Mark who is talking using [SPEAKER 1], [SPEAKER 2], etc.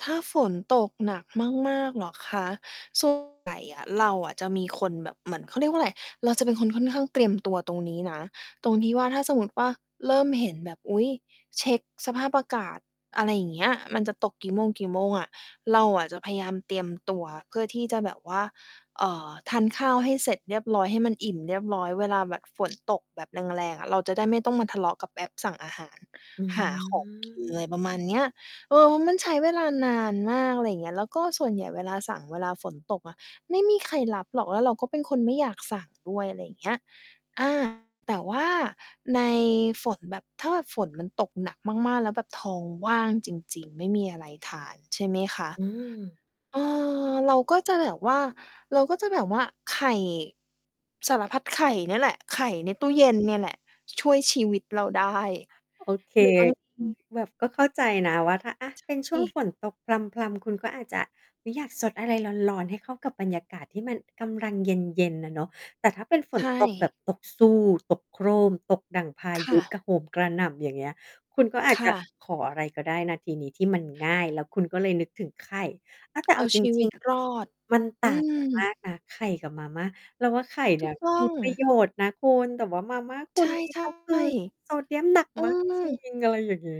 [SPEAKER 1] ถ้าฝนตกหนักมาก ๆ เหรอคะ ส่วน ใหญ่อะเราอะจะมีคนแบบ เหมือน เขาเรียกว่าอะไร เราจะเป็นคนค่อนข้างเตรียมตัวตรงนี้นะ ตรงที่ว่า ถ้าสมมุติว่า เริ่มเห็นแบบ อุ๊ย เช็กสภาพอากาศ อะไรอย่างเงี้ย มันจะตกกี่โมง กี่โมงอะ เราอะจะพยายามเตรียมตัวเพื่อที่จะแบบว่า เอ่อ ทานข้าวให้เสร็จเรียบร้อย ให้มันอิ่มเรียบร้อย เวลาแบบฝนตก แบบแรง ๆ อะ เราจะได้ไม่ต้องมาทะเลาะกับแอปสั่งอาหาร
[SPEAKER 2] อื
[SPEAKER 1] หาของ กิน อะไรประมาณ
[SPEAKER 2] ม
[SPEAKER 1] เนี้ย เออ เพราะมันใช้เวลานานมาก อะไรอย่างเงี้ย แล้วก็ส่วนใหญ่เวลาสั่งเวลาฝนตกอะ ไม่มีใครรับหรอก แล้วเราก็เป็นคนไม่อยากสั่งด้วย อะไรอย่างเงี้ย อา แต่ว่าในฝน แบบถ้าฝนมันตกหนักมาก ๆ แล้วแบบท้องว่างจริง ๆ ไม่มีอะไรทาน ใช่ไหมคะ
[SPEAKER 2] อืม
[SPEAKER 1] เออ เราก็จะแบบว่า เราก็จะแบบว่าไข่ สารพัดไข่เนี่ยแหละ ไข่ใน
[SPEAKER 2] อ
[SPEAKER 1] ต
[SPEAKER 2] ื
[SPEAKER 1] ู้เย็
[SPEAKER 2] ม
[SPEAKER 1] นเนี่ยแหละ ช่วยชีวิตเราได้
[SPEAKER 2] โอเค
[SPEAKER 1] หรือบางที
[SPEAKER 2] แบบก็เข้าใจนะว่า ถ้าอะ
[SPEAKER 1] ใ
[SPEAKER 2] เป็นช
[SPEAKER 1] ช
[SPEAKER 2] ่วง
[SPEAKER 1] ่
[SPEAKER 2] ฝนตกพรำ ๆ คุณก็อาจจะ อุ๊ย อยากซดอะไรร้อน ๆ ให้เข้ากับบรรยากาศที่มันกำลังเย็น ๆ อะเนาะ แต่ถ้าเป็นฝ
[SPEAKER 1] ใช
[SPEAKER 2] นตกแ
[SPEAKER 1] ่
[SPEAKER 2] บบตกซู่ ตกโครม ตกดั่งพา
[SPEAKER 1] ค
[SPEAKER 2] ย
[SPEAKER 1] ่
[SPEAKER 2] ุ
[SPEAKER 1] ะ
[SPEAKER 2] กระ โหมกระหน่ำ อย่างเงี้ย คุณก็อา
[SPEAKER 1] ค
[SPEAKER 2] จจะ
[SPEAKER 1] ่ะ
[SPEAKER 2] ขออะไรก็ได้นะทีนี้ที่มันง่าย แล้วคุณก็เลยนึกถึงไข่ อา แต่
[SPEAKER 1] เอ
[SPEAKER 2] เอ
[SPEAKER 1] า
[SPEAKER 2] าจ
[SPEAKER 1] ชีว
[SPEAKER 2] ริ
[SPEAKER 1] ิ
[SPEAKER 2] ง
[SPEAKER 1] ตรอด
[SPEAKER 2] ๆ มันต
[SPEAKER 1] อ
[SPEAKER 2] ่
[SPEAKER 1] ื
[SPEAKER 2] าง กัน มา
[SPEAKER 1] ม
[SPEAKER 2] กนะ ไข่กับมาม่า เราว่าไข่เน
[SPEAKER 1] ถ
[SPEAKER 2] ี
[SPEAKER 1] ู
[SPEAKER 2] ่ย
[SPEAKER 1] กต
[SPEAKER 2] ม
[SPEAKER 1] ้อ
[SPEAKER 2] ี
[SPEAKER 1] ง
[SPEAKER 2] ประโยชน์นะคุณ แต่ว่ามาม่าคุ
[SPEAKER 1] ใช
[SPEAKER 2] ณ
[SPEAKER 1] ่
[SPEAKER 2] นี่
[SPEAKER 1] ใช
[SPEAKER 2] ก็คือ
[SPEAKER 1] ่
[SPEAKER 2] โซเดียมหนัก
[SPEAKER 1] อื
[SPEAKER 2] มากจริ
[SPEAKER 1] ม
[SPEAKER 2] ง อะไรอย่างงี้